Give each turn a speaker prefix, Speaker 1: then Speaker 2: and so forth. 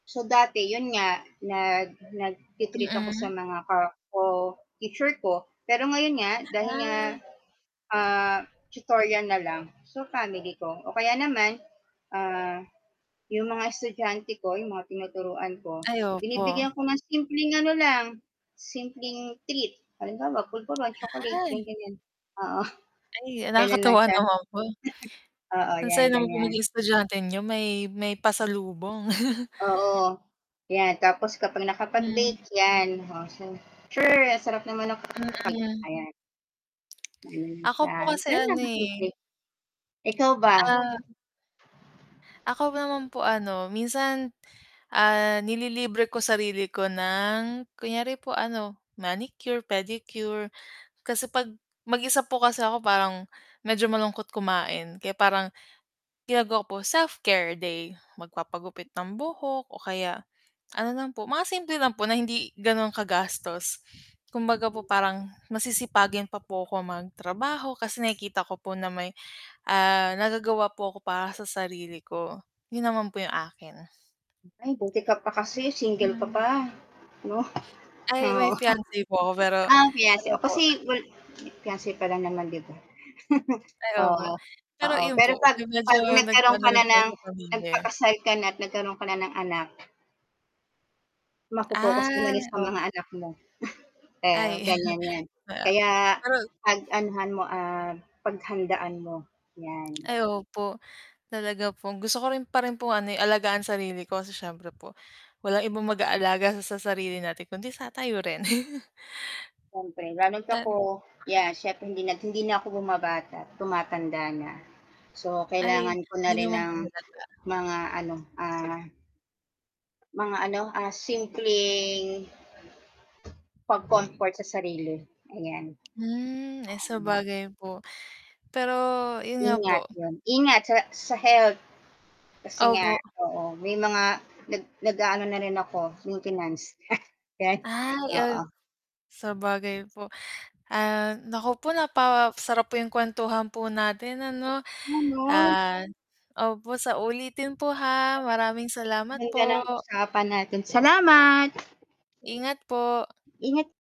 Speaker 1: So, dati, 'yon nga, nag nagti-treat ako sa
Speaker 2: Mm.
Speaker 1: mga ka-co-teacher ko, pero ngayon nga, dahil nga,
Speaker 2: Ah.
Speaker 1: ah, tutorial na lang, so, family ko, o kaya naman, ah, 'yong mga estudyante ko, 'yong mga tinuturuan ko,
Speaker 2: Ay,
Speaker 1: binibigyan
Speaker 2: opo.
Speaker 1: ko ng simpleng ano lang, simpleng treat, halimbawa, pulvoron, chocolate, gan
Speaker 2: Ay.
Speaker 1: ganiyan. Oo,
Speaker 2: Ay,
Speaker 1: gano'n lang
Speaker 2: nakakatuwa
Speaker 1: siya.
Speaker 2: naman po.
Speaker 1: Oo,
Speaker 2: Ang
Speaker 1: 'yan
Speaker 2: saya naman pong
Speaker 1: ganiyan.
Speaker 2: maging estudyante niyo, may may pasalubong.
Speaker 1: Oo, 'yan. Tapos kapag
Speaker 2: Hmm.
Speaker 1: nakapag-bake 'yan, oh, siya, sure ang sarap naman ng cake.
Speaker 2: Mm.
Speaker 1: Ayan. Gano'n
Speaker 2: Ako
Speaker 1: siya,
Speaker 2: po kasi,
Speaker 1: gano'n
Speaker 2: ano,
Speaker 1: lang
Speaker 2: eh.
Speaker 1: kasimple. Ikaw ba?
Speaker 2: Ah. Ako naman po, ano, minsan, ah, nililibre ko sarili ko ng kunyari po ano, manicure, pedicure, kasi 'pag mag-isa po kasi ako parang medyo malungkot kumain, kaya parang ginagawa ko po, self-care day, magpapagupit ng buhok o kaya ano lang po, mga simple lang po, na hindi gano'n kagastos. Kumbaga po parang masisipagin pa po ako mag-trabaho, kasi nakikita ko po na may, ah, nagagawa po ako para sa sarili ko. 'Yun naman po 'yung akin.
Speaker 1: Ay, buti ka pa kasi single ka
Speaker 2: Ilan
Speaker 1: pa, 'no.
Speaker 2: Ay, may
Speaker 1: Oo.
Speaker 2: fiance po ako, pero
Speaker 1: Ah, fiance,
Speaker 2: ano
Speaker 1: oh,
Speaker 2: po.
Speaker 1: kasi wal fiance pa lang naman, 'di ba?
Speaker 2: Ay opo.
Speaker 1: Oo,
Speaker 2: Pero
Speaker 1: oo,
Speaker 2: 'yun
Speaker 1: pero
Speaker 2: po,
Speaker 1: 'pag
Speaker 2: 'yung medyo
Speaker 1: 'pag nagkaroon
Speaker 2: nag-ano
Speaker 1: ka na
Speaker 2: rin po
Speaker 1: ng
Speaker 2: sa pamilya.
Speaker 1: nagpakasal ka na at nagkaroon ka na ng anak mapo-focus mo na
Speaker 2: Ah,
Speaker 1: rin sa
Speaker 2: op
Speaker 1: mga anak mo. Eh,
Speaker 2: Ay,
Speaker 1: ganiyan 'yan,
Speaker 2: maya
Speaker 1: kaya
Speaker 2: pero
Speaker 1: pag-anuhan mo, ah, paghandaan mo, 'yan.
Speaker 2: Ay, opo. Talaga pong gusto ko rin pa rin pong ano, eh, alagaan sarili ko, kasi siyempre po, walang ibang mag-aalaga sa sarili natin, kundi sa tayo rin.
Speaker 1: Siyempre, lalo't ako,
Speaker 2: Tan
Speaker 1: yeah, siyempre hindi na hindi na ako bumabata, tumatanda na, so,
Speaker 2: Ay,
Speaker 1: kailangan ko
Speaker 2: 'di
Speaker 1: na rin
Speaker 2: naman
Speaker 1: ng
Speaker 2: po halata.
Speaker 1: mga ano, ah mga ano, ah, simpleng pag-comfort sa sarili, ayan.
Speaker 2: Hmm, eh,
Speaker 1: Pa uhm
Speaker 2: sabagay po. Pero 'yun nga
Speaker 1: Ingat,
Speaker 2: po.
Speaker 1: 'yun. Ingat sa sa health, kasi nga,
Speaker 2: Opo.
Speaker 1: oo, may mga nag nag-aano na rin ako maintenance.
Speaker 2: Ay,
Speaker 1: Oo.
Speaker 2: uhm, sabagay po. Ah, naku po, napasarap po 'yung kuwentuhan po natin, ano.
Speaker 1: [unintelligible]
Speaker 2: Ah opo sa ulitin po, ha. Maraming salamat
Speaker 1: [unintelligible] Ganda
Speaker 2: po.
Speaker 1: ng usapan natin, salamat.
Speaker 2: Ingat po.
Speaker 1: Ingat